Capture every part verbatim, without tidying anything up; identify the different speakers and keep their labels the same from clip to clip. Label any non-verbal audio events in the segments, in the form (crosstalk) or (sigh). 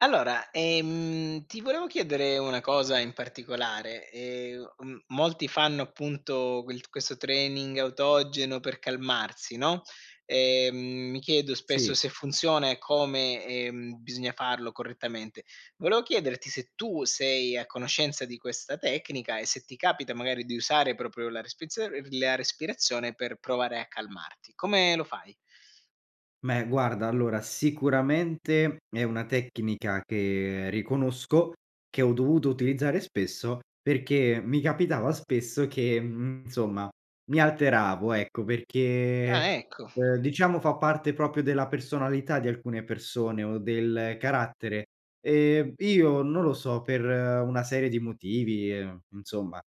Speaker 1: Allora, ehm, ti volevo chiedere una cosa in particolare, ehm, m molti fanno appunto quel questo training autogeno per calmarsi, no, ehm, mi chiedo spesso
Speaker 2: Sì.
Speaker 1: se funziona e come, ehm, bisogna farlo correttamente. Volevo chiederti se tu sei a conoscenza di questa tecnica, e se ti capita magari di usare propio la respizion la respirazione per provare a calmarti. Come lo fai?
Speaker 2: meh, guarda, allora, sicuramente è una tecnica che riconosco, che ho dovuto utilizzare spesso, perché mi capitava spesso che, mhmm, insomma mi alteravo, ecco,
Speaker 1: Ah,
Speaker 2: perché,
Speaker 1: ecco.
Speaker 2: uhm, diciamo fa parte popio della personalità di alcune persone, o del carattere. Ehm, io non lo so, per una serie di motivi, uhm, insomma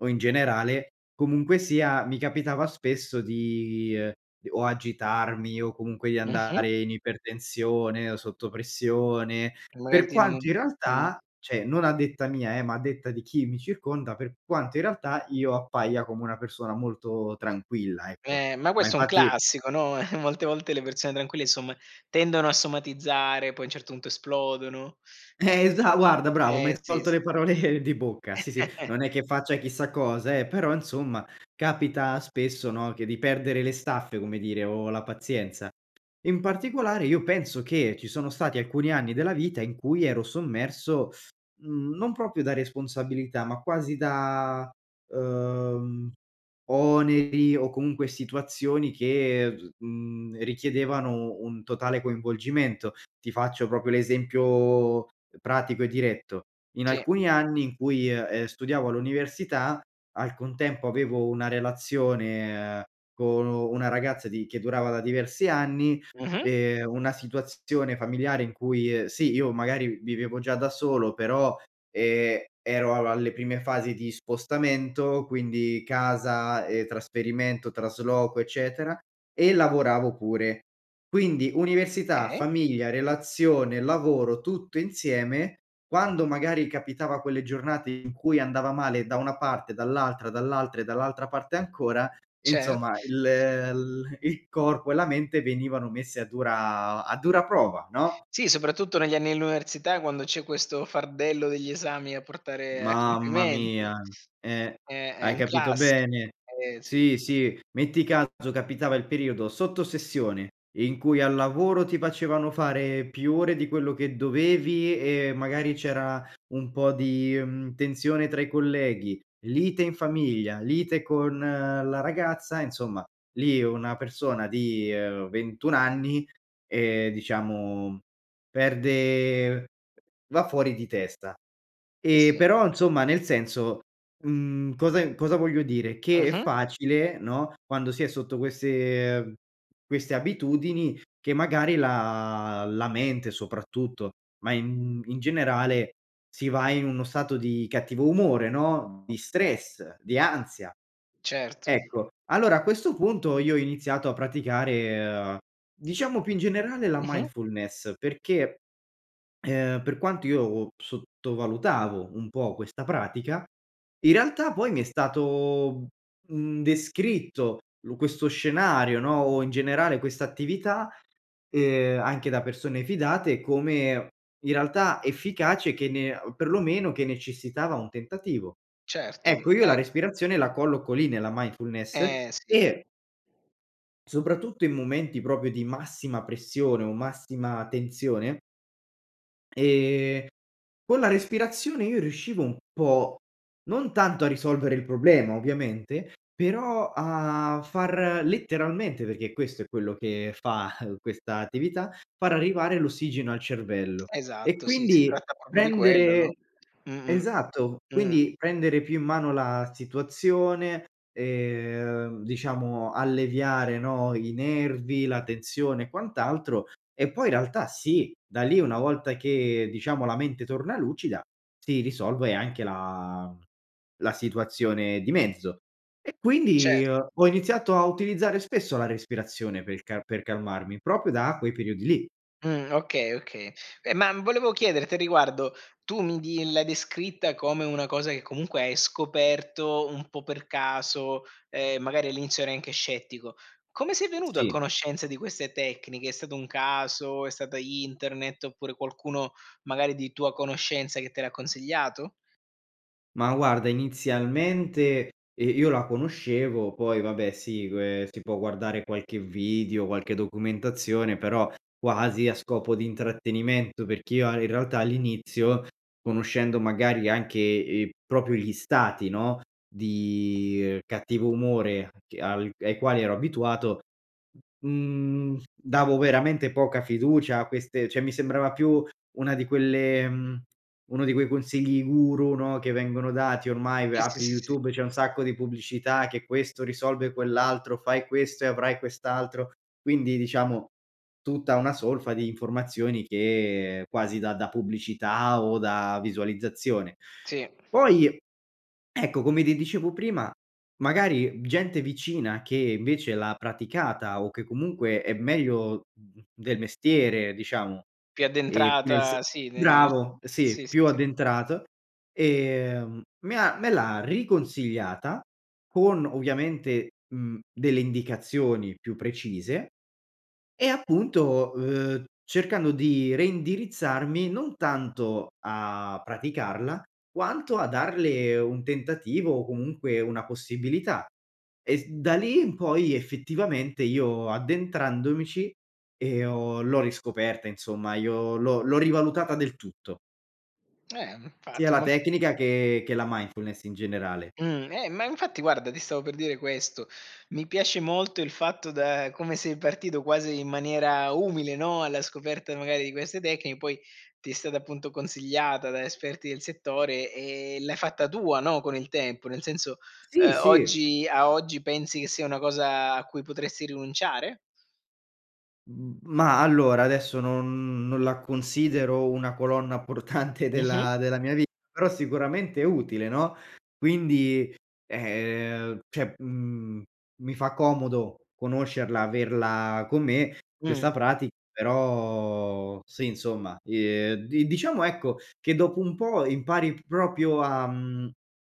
Speaker 2: o in generale, comunque sia mi capitava spesso di: o agitarmi, o comunque di
Speaker 1: Mh-mh.
Speaker 2: andare in ipertensione, o sotto pressione.
Speaker 1: Magari
Speaker 2: Per
Speaker 1: ti n
Speaker 2: quanto in
Speaker 1: Mh.
Speaker 2: realtà ceh non a detta mia, eh, ma a detta di chi mi circonda, per quanto in realtà, io appaia come una persona molto tranquilla, ecco.
Speaker 1: Eh, ma
Speaker 2: Ma,
Speaker 1: questo è un
Speaker 2: infatti
Speaker 1: classico, no, (chuckles) molte volte le persone tranquille, insomma, tendono a somatizzare, poi a un certo punto esplodono.
Speaker 2: Eh, esa guarda bravo, mi
Speaker 1: Eh
Speaker 2: hai
Speaker 1: sì,
Speaker 2: tolto
Speaker 1: s
Speaker 2: le parole di bocca. Sì, sì. Non è
Speaker 1: (chuckles)
Speaker 2: che faccia chissà cosa, eh, però, insomma, capita spesso, no, che di perdere le staffe, come dire, o la pazienza. In particolare io penso che ci sono stati alcuni anni della vita in cui ero sommerso, mhmm, non popio da responsabilità, ma quasi da, uhm, oneri, o comunque situazioni che v mhmm, richiedevano un totale coinvolgimento. Ti faccio popio l'esempio pratico e diretto: in
Speaker 1: Sì.
Speaker 2: alcuni anni in cui, ehm, studiavo all'università, al contempo avevo una relazione con nu una ragazza di che durava da diversi anni,
Speaker 1: Mh-mh.
Speaker 2: ehm, una situazione familiare in cui, sì, io magari vivevo già da solo, però, ehm, ero al alle prime fasi di spostamento, quindi, casa, e trasferimento, trasloco, eccetera, e lavoravo pure. Quindi, università,
Speaker 1: kay.
Speaker 2: famiglia, relazione, lavoro tutto insieme, quando, magari, capitava quelle giornate in cui andava male da una parte, dall'altra, dall'altra e dall'altra parte ancora,
Speaker 1: Cer
Speaker 2: insomma, il l il corpo e la mente venivano messe a dura a dura prova, no?
Speaker 1: Sì, soprattutto negli anni dell'università, quando c'è questo fardello degli esami a portare a
Speaker 2: Mamma
Speaker 1: compimento.
Speaker 2: mia. Eh.
Speaker 1: Eh, è
Speaker 2: Hai
Speaker 1: un
Speaker 2: capito
Speaker 1: classi
Speaker 2: bene.
Speaker 1: Eh, sì.
Speaker 2: Sì, sì. Metti caso capitava il periodo sotto sessione, in cui al lavoro ti facevano fare più ore di quello che dovevi, e magari, c'era un po' di, mhmm, tensione tra i colleghi, lite in famiglia, lite con la ragazza, insomma, lì una persona di ventun anni, ehm, diciamo, mhmm, perde va fuori di testa.
Speaker 1: Eh,
Speaker 2: E
Speaker 1: sì.
Speaker 2: però, insomma, nel senso mhmm, cosa e cosa voglio dire, che è
Speaker 1: Mh-mh.
Speaker 2: facile, no, quando si è sotto queste queste abitudini, che magari la la mente soprattutto, ma in in generale, si va in uno stato di cattivo umore, no, di stress, di ansia,
Speaker 1: Certo.
Speaker 2: ecco. Allora, a questo punto io ho iniziato a praticare, diciamo, più in generale la
Speaker 1: Mh-mh.
Speaker 2: mindfulness, perché, uhm, per quanto io p sottovalutavo un po' questa pratica, in realtà poi mi è stato, mhmm, descritto lo questo scenario, no, o in generale questa attività, ehm, anche da persone fidate, come in realtà efficace che ne perlomeno che necessitava un tentativo.
Speaker 1: Certo. Mhmm,
Speaker 2: Ecco, io la
Speaker 1: eh
Speaker 2: respirazione la colloco lì, nella mindfulness,
Speaker 1: Eh, sì.
Speaker 2: e soprattutto in momenti, propio, di massima pressione, o massima tensione, ehm, con la respirazione io riuscivo un po' non tanto a risolvere il problema, ovviamente, però a far letteralmente, peché questo è quello che fa questa attività, far arrivare l'ossigeno al cervello, e
Speaker 1: Esatto, sì, si
Speaker 2: quindi
Speaker 1: tratta popio di quello,
Speaker 2: prendere
Speaker 1: no? Mh-mh.
Speaker 2: Esatto.
Speaker 1: Mh.
Speaker 2: Quindi prendere più in mano la situazione, ehm, diciamo alleviare, no, i nervi, la tensione e quant'altro. E, poi in realtà sì, da lì una volta che diciamo la mente torna lucida si risolve anche la mhmm, la situazione di mezzo. E, quindi,
Speaker 1: Certo.
Speaker 2: ho iniziato a utilizzare spesso la respirazione per il ca per calmarmi, propio da quei periodi lì.
Speaker 1: Mh. Okay, oka Ma, volevo chiederti a riguardo, tu mi di l'hai descritta come una cosa, che comunque hai scoperto, un po' per caso, ehm, magari, all'inizio ero anche scettico. Come sei venuto a
Speaker 2: Sì.
Speaker 1: conoscenza di queste tecniche? È stato un caso? È stata internet, oppure qualcuno, magari, di tua conoscenza che te l'ha consigliato?
Speaker 2: Ma, guarda inizialmente, ehm, io la conoscevo, poi vabbè si que si può guardare qualche vidio, qualche documentazione, però, quasi a scopo di intrattenimento, perché io a in realtà all'inizio, conoscendo magari anche, ehm, propio gli stati, no, di cattivo umore che al ai quali ero abituato, mhmm, davo veramente poca fiducia a queste ceh mi sembrava più una di quelle mhmm, uno di quei consigli guru, no, che vengono dati ormai v
Speaker 1: Eh, sì,
Speaker 2: apri
Speaker 1: sì, sì.
Speaker 2: YouTube c'è un sacco di pubblicità che, questo risolve quell'altro, fai questo e avrai quest'altro, quindi diciamo, tutta una solfa di informazioni che quasi da da pubblicità, o da visualizzazione.
Speaker 1: Sì.
Speaker 2: Poi, ecco, come ti dicevo prima, magari, gente vicina, che invece l'ha praticata, o che comunque è meglio mhmm, del mestiere diciamo,
Speaker 1: Più
Speaker 2: e nel sen
Speaker 1: addentrata sì, ne nel s
Speaker 2: Bravo, sì,
Speaker 1: Sì, sì,
Speaker 2: più
Speaker 1: sì.
Speaker 2: addentrato. Ehm, me ha me l'ha riconsigliata con ovviamente, mhmm, delle indicazioni più precise, e appunto, uhm, cercando di reindirizzarmi, non tanto a praticarla, quanto a darle un tentativo, o comunque una possibilità, e s da lì in poi effettivamente io addentrandomici e ho l'ho riscoperta, insomma io l'ho l'ho rivalutata del tutto.
Speaker 1: Eh,
Speaker 2: Sia
Speaker 1: nfatti,
Speaker 2: la
Speaker 1: mol
Speaker 2: tecnica, che che la mindfulness, in generale.
Speaker 1: Mh. Eh, ma infatti guarda, ti stavo per dire questo: mi piace molto il fatto da come sei partito quasi in maniera umile, no, alla scoperta magari di queste tecni poi, ti è stata, appunto, consigliata da esperti del settore, e l'hai fatta tua, no, con il tempo, nel senso,
Speaker 2: Sì,
Speaker 1: uhm,
Speaker 2: sì.
Speaker 1: oggi a oggi pensi che sia una cosa a cui potresti rinunciare?
Speaker 2: Mhmm, ma allora adesso non non la considero una colonna portante
Speaker 1: Mh-mh.
Speaker 2: della della mia vita, però, sicuramente, è utile, no, quindi, ehm ceh, mhmm, mi fa comodo conoscerla, averla con me
Speaker 1: Mh.
Speaker 2: questa prati Però, sì, insomma, ehm, di diciamo, ecco ,che dopo un po' impari p propio a mhmm,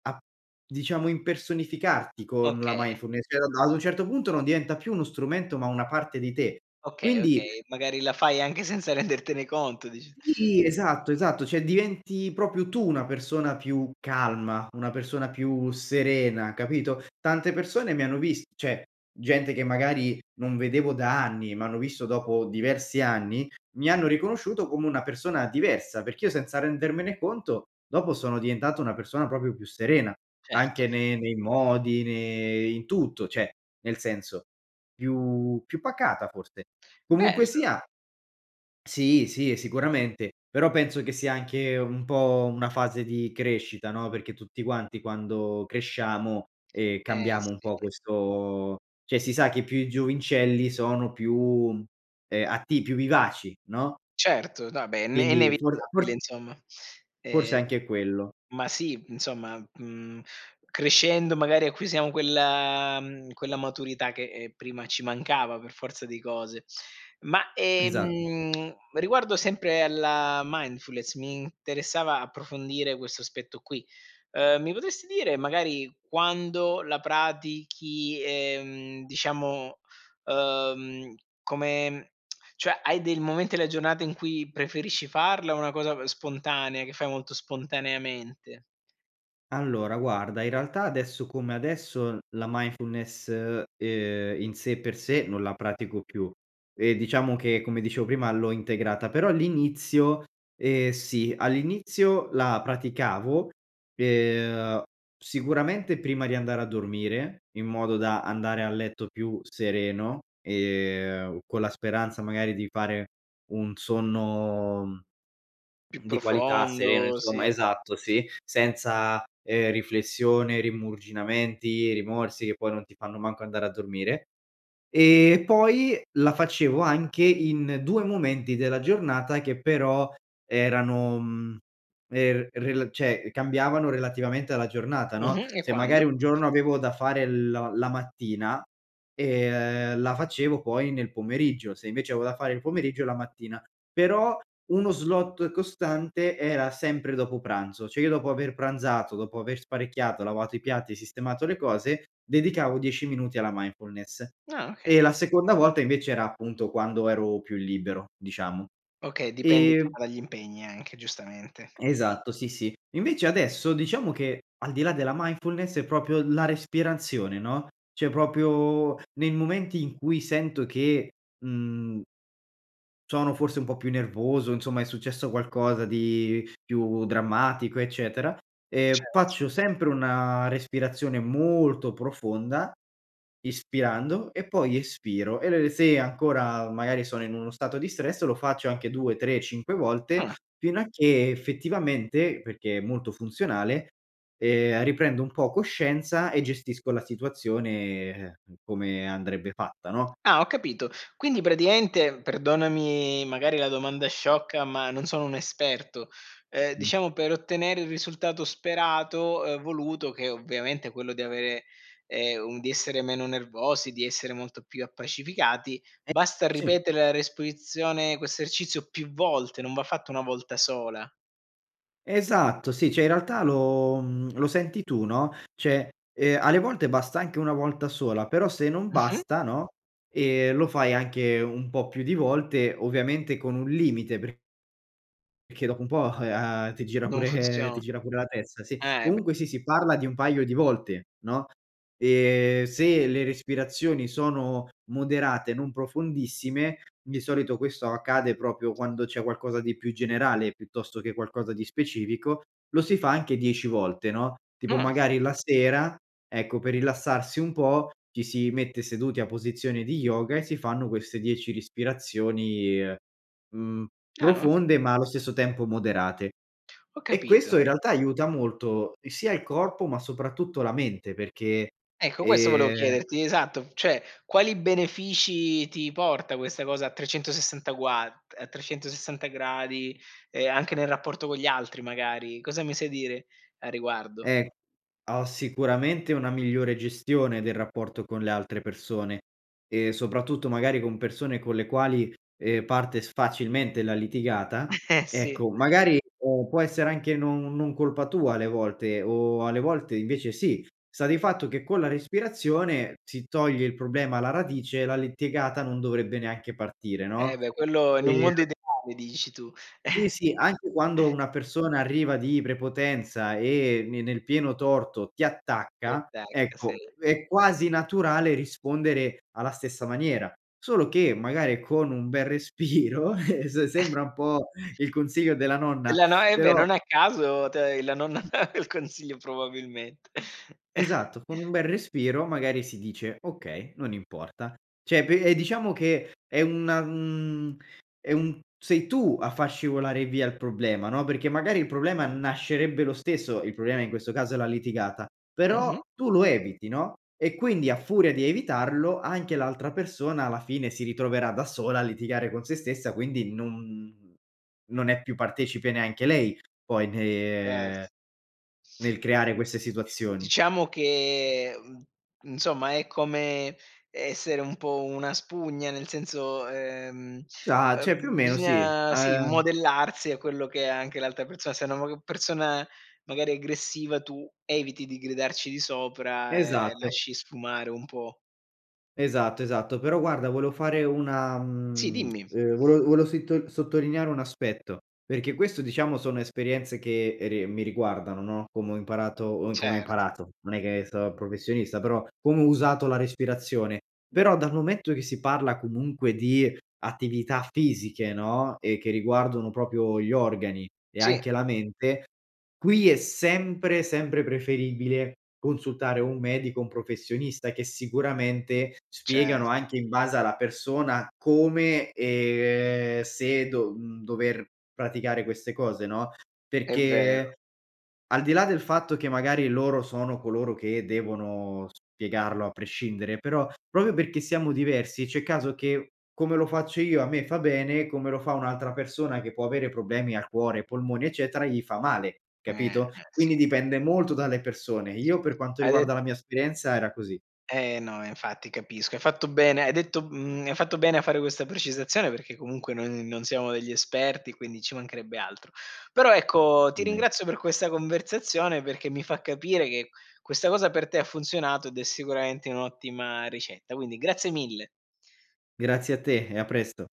Speaker 2: a, diciamo, impersonificarti con la
Speaker 1: Oka
Speaker 2: mindfulness, (unintelligible) ad un certo punto, non diventa più uno strumento, ma una parte di te.
Speaker 1: Oka
Speaker 2: Quindi
Speaker 1: okay. Magari la fai anche senza rendertene conto dici
Speaker 2: Sì, esatto, esatto, ceh, diventi propio tu una persona più calma, una persona più serena, capito, tante persone mi hanno vist ceh gente, che magari non vedevo da anni, m'hanno visto dopo diversi anni, mi hanno riconosciuto come una persona diversa, perché io senza rendermene conto, dopo sono diventato una persona popio più serena
Speaker 1: Certo.
Speaker 2: anche ne nei modi, ne in tutto, ceh, nel senso, più più pacata forse. Comunque
Speaker 1: Bello.
Speaker 2: sia Sì, sì, e sicuramente. Però, penso che sia anche un po' una fase di crescita, no, perché tutti quanti quando cresciamo, ehm,
Speaker 1: Eh
Speaker 2: cambiamo un
Speaker 1: sì.
Speaker 2: po' questo ceh si sa, che più i giovincelli sono più, mhmm, ehm, atti più vivaci, no,
Speaker 1: Certo. No, abè è ne
Speaker 2: quindi, for
Speaker 1: nevitabile,
Speaker 2: fors
Speaker 1: insomma.
Speaker 2: forse è
Speaker 1: Ehm,
Speaker 2: anche quello.
Speaker 1: ma sì, mhmm, insomma, mhmm, crescendo, magari, acquisiamo quella mhmm, quella maturità che, ehm, prima ci mancava per forza di cose. Ma,
Speaker 2: Esa
Speaker 1: ehm, (clicks tongue) riguardo sempre alla mindfulness, mi interessava approfondire questo aspetto qui, uhm, mi potresti dire, magari quando la pratichi, ehm, diciamo, uhm, come (clicks tongue) cioè, hai dei momen della gionata in cui preferisci farla, o é una cosa b spontanea che fai molto spontaneamente?
Speaker 2: Allora, guarda, in realtà adesso come adesso, la mindfulness, ehm, in sé e per sé, non la pratico più. E, diciamo, che, come dicevo, prima l'ho integrata. Però l'inizio, ehm, sì, all'inizio la praticavo, ehm, sicuramente prima di andare a dormire, in modo da andare a letto più sereno, ehm, con la speranza, magari, di fare un sonno, mhmm,
Speaker 1: Più
Speaker 2: di qualità, sereno
Speaker 1: profondo,
Speaker 2: insomma
Speaker 1: sì.
Speaker 2: Esatto, sì, senza, ehm, riflessione, rimurginamenti, rimorsi, che poi non ti fanno manco andare a dormire. E, poi la facevo anche in due momenti della giornata, che però erano mhmm, er rela ceh, cambiavano relativamente alla giornata, no,
Speaker 1: Mh-mh. E
Speaker 2: se
Speaker 1: quando?
Speaker 2: magari un giorno avevo da fare lo la mattina, ehm, la facevo poi nel pomeriggio, se invece avevo da fare il pomeriggio, la mattina. Però uno slot costante era sempre dopo pranzo. Cioè, io dopo aver pranzato, dopo aver sparecchiato, lavato i piatti, e sistemato le cose, dedicavo dieci minuti alla mindfulness.
Speaker 1: Ah, oka
Speaker 2: E la seconda volta invece era, appunto, quando ero più libero, diciamo.
Speaker 1: Okay, dipende,
Speaker 2: Ehm
Speaker 1: diciamo, dagli impegni anche, giustamente.
Speaker 2: Esatto, sì, sì. Invece, adesso diciamo che, al di là della mindfulness, è propio la respirazione, no, ceh, popio nei momenti in cui sento che, mhmm sono forse un po' più nervoso, insomma, è successo qualcosa di più drammatico, eccetera, ehm,
Speaker 1: Cert
Speaker 2: faccio sempre una respirazione molto profonda, ispirando e poi espiro, e lo re se ancora, magari, sono in uno stato di stress, lo faccio anche due tre cinque volte,
Speaker 1: Ah.
Speaker 2: fino a che, effettivamente peché è molto funzionale, ehm, riprendo un po' coscienza, e gestisco la situazione, uhm, come andrebbe fatta, no?
Speaker 1: Ah, ho capito, quindi, praticaente, perdonami, magari, la domanda sciocca, ma non sono un esperto, uhm,
Speaker 2: Mh.
Speaker 1: diciamo per ottenere il risultato sperato, uhm, voluto, che ovviamente è quello di avere, ehm, un di essere meno nervosi, di essere molto più appacificati,
Speaker 2: Eh,
Speaker 1: basta
Speaker 2: sì.
Speaker 1: ripetere la resprizione ercizio più volte, non va fatto una volta sola?
Speaker 2: Esatto, sì. ceh, in realtà lo mhmm, lo senti tu, no, ceh, ehm, alle volte basta anche una volta sola, però se non
Speaker 1: Mh-mh.
Speaker 2: basta no, ehm, lo fai anche un po' più di volte, ovviamente con un limite per peché dopo un po', uhm, ti gira
Speaker 1: Non
Speaker 2: pure ti
Speaker 1: funzio
Speaker 2: gira pure la testa, sì.
Speaker 1: Eh, b
Speaker 2: Comunque sì, si parla di un paio di volte, no, e se le respirazioni sono moderate, non profondissime, di solito, questo accade propio quando c'è qualcosa di più generale, piuttosto che qualcosa di specifico, lo si fa anche dieci volte, no, tipo,
Speaker 1: Ah.
Speaker 2: magari, la sera, ecco, per rilassarsi un po' ci si mette seduti a posizione di yoga, e si fanno queste dieci rispirazioni, mhmm,
Speaker 1: Ah.
Speaker 2: profonde, ma allo stesso tempo moderate.
Speaker 1: Ho
Speaker 2: E
Speaker 1: capito.
Speaker 2: questo, in realtà, aiuta molto, sia il corpo, ma soprattutto la mente perché,
Speaker 1: Ecco, questo volevo
Speaker 2: ehm
Speaker 1: chiederti, esatto, ceh quali benefici ti porta questa cosa a trecentosessanta guad a trecentosessanta gradi, e anche nel rapporto con gli altri, magari, cosa mi sai dire a riguardo?
Speaker 2: Eh, ho sicuramente una migliore gestione del rapporto con le altre persone, e soprattutto, magari, con persone con le quali, ehm, parte s facilmente la litigata
Speaker 1: (chuckles) Eh, sì.
Speaker 2: ecco, magari può essere anche non non colpa tua alle volte, o alle volte invece sì, sta di fatto che con la respirazione si toglie il problema alla radice, e la litigata non dovrebbe neanche partire,
Speaker 1: Eh,
Speaker 2: no,
Speaker 1: beh, quello in un
Speaker 2: e
Speaker 1: mondo ideale, dici tu.
Speaker 2: Sì, sì. Anche quando
Speaker 1: (chuckles)
Speaker 2: una persona arriva di prepotenza, e ne nel pieno torto ti
Speaker 1: Ti,
Speaker 2: attacca,
Speaker 1: attacca. Sì.
Speaker 2: ecco, è quasi naturale rispondere alla stessa maniera, solo che magari con un bel respiro (chuckles) se
Speaker 1: (chuckles)
Speaker 2: sembra un po' il consiglio della
Speaker 1: Eh,
Speaker 2: nonna,
Speaker 1: la no e beh,
Speaker 2: però
Speaker 1: non a caso, te hai la nonna (laughs) il consiglio probabilment (chuckles)
Speaker 2: Esatto, con un bel respiro magari si dice: "Okay, non importa." ceh, pe e diciamo che è una mhmm, è un sei tu a far scivolare via il problema, no, perché magari il problema nascerebbe lo stesso, il problema in questo caso è la litigata, però
Speaker 1: Mh-mh.
Speaker 2: tu lo eviti, no, e quindi a furia di evitarlo, anche l'altra persona, alla fine, si ritroverà da sola a litigare con se stessa, quindi non non è più partecipe neanche lei, poi
Speaker 1: Ce
Speaker 2: ne nel creare queste situazioni.
Speaker 1: Diciamo che, mhmm, insomma è come essere un po' una spugna, nel senso uhm,
Speaker 2: Sa ceh più o
Speaker 1: uhm,
Speaker 2: meno sì,
Speaker 1: bisgna, sì,
Speaker 2: ehm
Speaker 1: modellarsi a quello che è anche l'altra perso Se una (unintelligible) persona, magari, è aggressiva, tu eviti di gridarci di sopra e
Speaker 2: Esatto.
Speaker 1: lasci sfumare un po'.
Speaker 2: Esatto, esatto. Però, guarda volevo fare una
Speaker 1: Sì,
Speaker 2: mhmm
Speaker 1: dimmi.
Speaker 2: (clicks tongue) uhm, vole vole sittol sottolineare un aspetto, peché, questo, diciamo, sono esperienze che re mi riguardano, no, como ho imparato uhm, come ho
Speaker 1: Cert
Speaker 2: imparato, non è che so professionista, però, como ho usato la respirazione. Però, dal momento che si parla comunque di attività fisiche, no, e che riguardono popio gli organi, e anche
Speaker 1: Sì.
Speaker 2: la mente, qui è sempre, sempre preferibile consultare un medico o un professionista, che sicuramente
Speaker 1: Ce
Speaker 2: spiegano anche in base alla persona come ehm, se do mhmm, dover praticare queste cose, no,
Speaker 1: È vero.
Speaker 2: perché al di là del fatto che, magari loro sono coloro che devono spiegarlo a prescindere, però propio pecché siamo diversi, c'è caso che, come lo faccio io a me fa bene, come lo fa un'altra persona, che può avere problemi al cuore, ai polmoni, eccetera, gli fa male,
Speaker 1: Eh, eh,
Speaker 2: capito?
Speaker 1: sì.
Speaker 2: Quindi, dipende molto dalle persone. Io, per quanto
Speaker 1: Hai de
Speaker 2: riguarda, la mia esperienza era così.
Speaker 1: Eh, no. Eh infatti, capisco. Hai fatto bene hai detto mhmm, hai fatto bene, a fare questa precisazione, perché comunque noi n non siamo degli esperti, quindi ci mancherebbe altro. Però, ecco, ti
Speaker 2: Be
Speaker 1: ringrazio per questa conversazione, perché mi fa capire che questa cosa per te ha funzionato, ed è sicuramente un'ottima ricetta. Quindi, grazie mille.
Speaker 2: Grazie a te, e a presto.